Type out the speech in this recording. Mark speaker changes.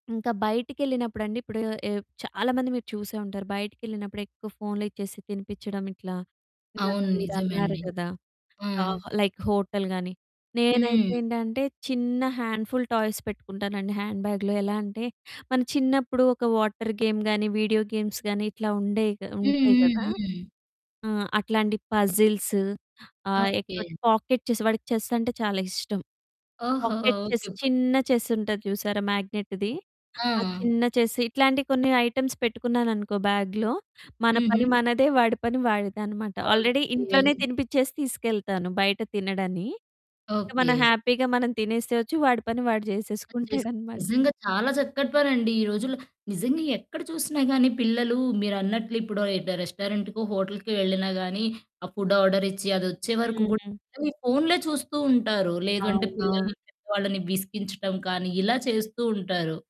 Speaker 1: ఇంకా బయటికెళ్ళినప్పుడండి ఇప్పుడు ఆహ్, చాలామంది మీరు చూసే ఉంటారు బయటికేళ్ళినప్పుడు ఎక్కువ ఫోన్‌లిచ్చేసి తినిపిచ్చడం ఇట్లా, ఇందాక
Speaker 2: అవును.
Speaker 1: మీరన్నారు
Speaker 2: నిజమండి.
Speaker 1: కదా!
Speaker 2: ఆ!
Speaker 1: ఆహ్, లైక్ హోటల్ గాని నేనైతే
Speaker 2: హ్మ్.
Speaker 1: ఏంటంటే చిన్న హ్యాండ్ఫుల్ టాయ్స్ పెట్టుకుంటానండి హ్యాండ్ బ్యాగ్‌లో. ఎలా అంటే మన చిన్నప్పుడు ఒక వాటర్ గేమ్ గానీ, వీడియో గేమ్స్ గానీ, ఇట్లా ఉండేయి
Speaker 2: హ్మ్.
Speaker 1: ఉంటాయి కదా!
Speaker 2: హ్మ్. హ్మ్.
Speaker 1: ఆ! అట్లాంటి పజిల్సు ఆహ్, ఎక్కువ
Speaker 2: ఓకే.
Speaker 1: పాకెట్ చెస్ వాడికి చెస్ అంటే చాలా ఇష్టం.
Speaker 2: ఓహో!
Speaker 1: Pocket chess
Speaker 2: okay. పా
Speaker 1: చిన్న చెస్ ఉంటది చూసారా? మ్యాగ్నెట్‌ది ఆ
Speaker 2: ఆ!
Speaker 1: చిన్న చెస్ ఇట్లాంటి కొన్ని ఐటెమ్స్ పెట్టుకున్నాను అనుకో బ్యాగ్‌లో. మన పని
Speaker 2: హుహు.
Speaker 1: మనదే, వాడి పని వాడిదనమాట. Already
Speaker 2: okay.
Speaker 1: ఇంట్లోనే తినిపించేసి తీసుకెళ్తాను. బయట తినడని, ఇక మనం
Speaker 2: ఓకే.
Speaker 1: హ్యాపీగా మనం తినేసేయచ్చు వాడి పని వాడు
Speaker 2: ఆహ్, చెస్
Speaker 1: చేసేసుకుంటాడనమాట.
Speaker 2: నిజంగా చాలా చక్కటి పనండి ఈ రోజుల్లో. నిజంగా ఎక్కడ చూసినా గాని పిల్లలు మీరన్నట్లు ఇప్పుడో డు రెస్టారెంట్‌కో హోటల్‌కో వెళ్ళినా గాని ఆ ఫుడ్ ఆర్డర్ ఇచ్చి అది వచ్చే వరకు కూడా
Speaker 1: హుహు.
Speaker 2: వాళ్ళు ఈ ఫోన్లే చూస్తూ ఉంటారు. లేదు అంటే
Speaker 1: అవునవును.
Speaker 2: పిల్లలు పెద్దవాళ్ళని విసిగించడం కానీ ఇలా చేస్తూ ఉంటారు.